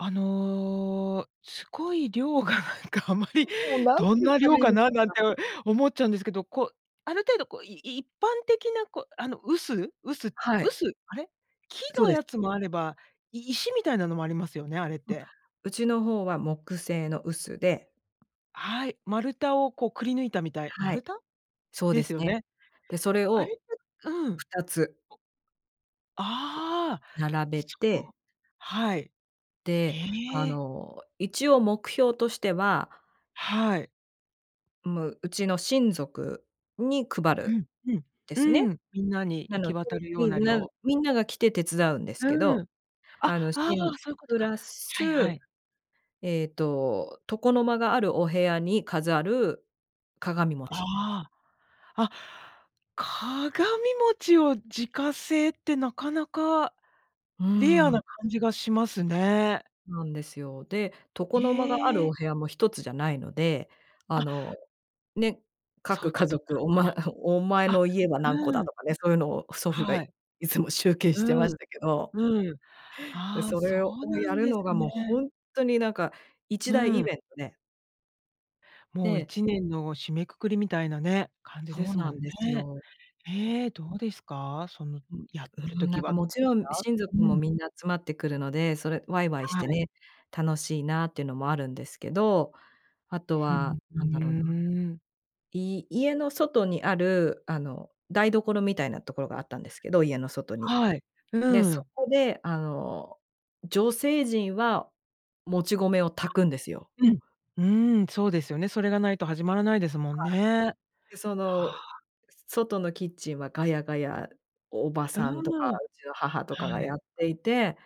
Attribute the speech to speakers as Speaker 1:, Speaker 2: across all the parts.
Speaker 1: あの、すごい量がなんかあまり、
Speaker 2: 結構、何て
Speaker 1: どん
Speaker 2: 言っ
Speaker 1: な
Speaker 2: たら
Speaker 1: 量
Speaker 2: いいん
Speaker 1: か
Speaker 2: でし
Speaker 1: な、
Speaker 2: ょう
Speaker 1: なん
Speaker 2: か。
Speaker 1: て思っちゃうんですけど、こう、ある程度こう、い一般的なこう、あの臼、臼、
Speaker 2: はい。
Speaker 1: 臼、あれ？木
Speaker 2: そう
Speaker 1: の
Speaker 2: です。
Speaker 1: やつもあれば、い石みたいなのもありますよね、あれっ
Speaker 2: うん、
Speaker 1: て。
Speaker 2: うちの方は木製の臼で。
Speaker 1: はい、丸太をこうくり抜いたみたい。
Speaker 2: は
Speaker 1: 丸
Speaker 2: い、
Speaker 1: 太？
Speaker 2: そう
Speaker 1: で
Speaker 2: で
Speaker 1: す
Speaker 2: す
Speaker 1: よ
Speaker 2: ね。
Speaker 1: ね、
Speaker 2: で、それ
Speaker 1: あれ
Speaker 2: を
Speaker 1: ってうん。
Speaker 2: 2つ。
Speaker 1: お。ああ、
Speaker 2: 並べ
Speaker 1: そう。
Speaker 2: て。
Speaker 1: はい。
Speaker 2: で、あ
Speaker 1: へえ。
Speaker 2: の、一応目標としては
Speaker 1: はい。
Speaker 2: む、うちの親族に配
Speaker 1: う
Speaker 2: る
Speaker 1: ん、うん、
Speaker 2: ですね。
Speaker 1: うん、みんなに
Speaker 2: な
Speaker 1: 行
Speaker 2: の
Speaker 1: き
Speaker 2: で、
Speaker 1: 渡るよう
Speaker 2: み
Speaker 1: な
Speaker 2: んな
Speaker 1: 量。
Speaker 2: みんなが来て手伝うんですけ
Speaker 1: う
Speaker 2: ど、
Speaker 1: ん。あ、あ
Speaker 2: あのし
Speaker 1: あ、
Speaker 2: ん
Speaker 1: そういうこと
Speaker 2: プ
Speaker 1: か。
Speaker 2: ラ
Speaker 1: はい
Speaker 2: ス、
Speaker 1: はい。
Speaker 2: えっと、床の間があるお部屋に飾る鏡餅。
Speaker 1: ああ。あ、鏡餅を自家製ってなかなか
Speaker 2: うー
Speaker 1: レア
Speaker 2: ん。
Speaker 1: な感じがしますね。
Speaker 2: なんですよ。で、床の間がある
Speaker 1: へえ。
Speaker 2: お部屋も1つじゃないので、あの
Speaker 1: あ。
Speaker 2: ね、
Speaker 1: そうい
Speaker 2: 各
Speaker 1: う
Speaker 2: 家
Speaker 1: ことか。
Speaker 2: 族、お
Speaker 1: あ、
Speaker 2: まお前
Speaker 1: あ、
Speaker 2: の家は何個
Speaker 1: う
Speaker 2: だ
Speaker 1: ん。
Speaker 2: とかね、そういうのを祖父が
Speaker 1: は
Speaker 2: い
Speaker 1: い。
Speaker 2: つも集計してま
Speaker 1: う
Speaker 2: し
Speaker 1: ん、
Speaker 2: たけど。
Speaker 1: うん。
Speaker 2: で、
Speaker 1: ああ、
Speaker 2: そ
Speaker 1: そ
Speaker 2: れを
Speaker 1: うな
Speaker 2: や
Speaker 1: ん
Speaker 2: る
Speaker 1: です
Speaker 2: のがも
Speaker 1: ね。
Speaker 2: うほんとになんか、一大
Speaker 1: う
Speaker 2: イ
Speaker 1: ん。
Speaker 2: ベントで。
Speaker 1: もうい
Speaker 2: で。
Speaker 1: ちねんの締めくくりみたいなね、感じで
Speaker 2: そう
Speaker 1: す
Speaker 2: な
Speaker 1: もん
Speaker 2: んです
Speaker 1: ね。
Speaker 2: よ。
Speaker 1: ええ、どうですか？その
Speaker 2: う
Speaker 1: やっ
Speaker 2: う
Speaker 1: てる
Speaker 2: ん、な
Speaker 1: 時
Speaker 2: んか
Speaker 1: はど
Speaker 2: も
Speaker 1: う
Speaker 2: ち
Speaker 1: でし
Speaker 2: ろん
Speaker 1: た？
Speaker 2: 親族
Speaker 1: う
Speaker 2: も
Speaker 1: ん。
Speaker 2: みんな集まってくるので、それわいわいし
Speaker 1: は
Speaker 2: て
Speaker 1: い。
Speaker 2: ね、楽しいなってのもあるんですけど、あと
Speaker 1: ふ、
Speaker 2: は
Speaker 1: ふ
Speaker 2: 何だろうな。
Speaker 1: ーん。
Speaker 2: い家の外にある、あの台所みたいなところがあったんですけど、家の外に。
Speaker 1: はい。
Speaker 2: で、
Speaker 1: う
Speaker 2: そ
Speaker 1: ん。
Speaker 2: こであの女性陣は、もち米を
Speaker 1: あ、
Speaker 2: 炊くんですよ。
Speaker 1: うん、うーん、そうですよね。それがないと始まらないですもん
Speaker 2: は
Speaker 1: ね。
Speaker 2: い。で、そ
Speaker 1: は
Speaker 2: の
Speaker 1: あ。
Speaker 2: 外のキッチンは、ガヤガヤ叔母
Speaker 1: う
Speaker 2: さんとか
Speaker 1: ん、
Speaker 2: うちの母とかが
Speaker 1: は
Speaker 2: や
Speaker 1: い。
Speaker 2: っていて、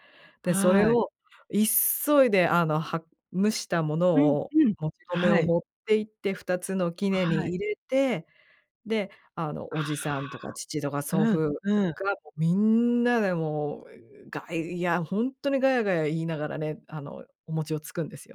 Speaker 2: でそれ
Speaker 1: はい。
Speaker 2: を急いであの、は蒸したもの
Speaker 1: うん
Speaker 2: を、
Speaker 1: うん、
Speaker 2: もち米
Speaker 1: は
Speaker 2: を
Speaker 1: い。
Speaker 2: 持って行って、2つの杵
Speaker 1: は
Speaker 2: に
Speaker 1: い。
Speaker 2: 入れて、で、あの
Speaker 1: あ
Speaker 2: 叔父さんとか父とか
Speaker 1: あ、
Speaker 2: 祖
Speaker 1: うん
Speaker 2: 父
Speaker 1: うん。
Speaker 2: がみんなでもう、がいやほんとにガヤガヤ言いながらね、あのお餅をつくんですよ。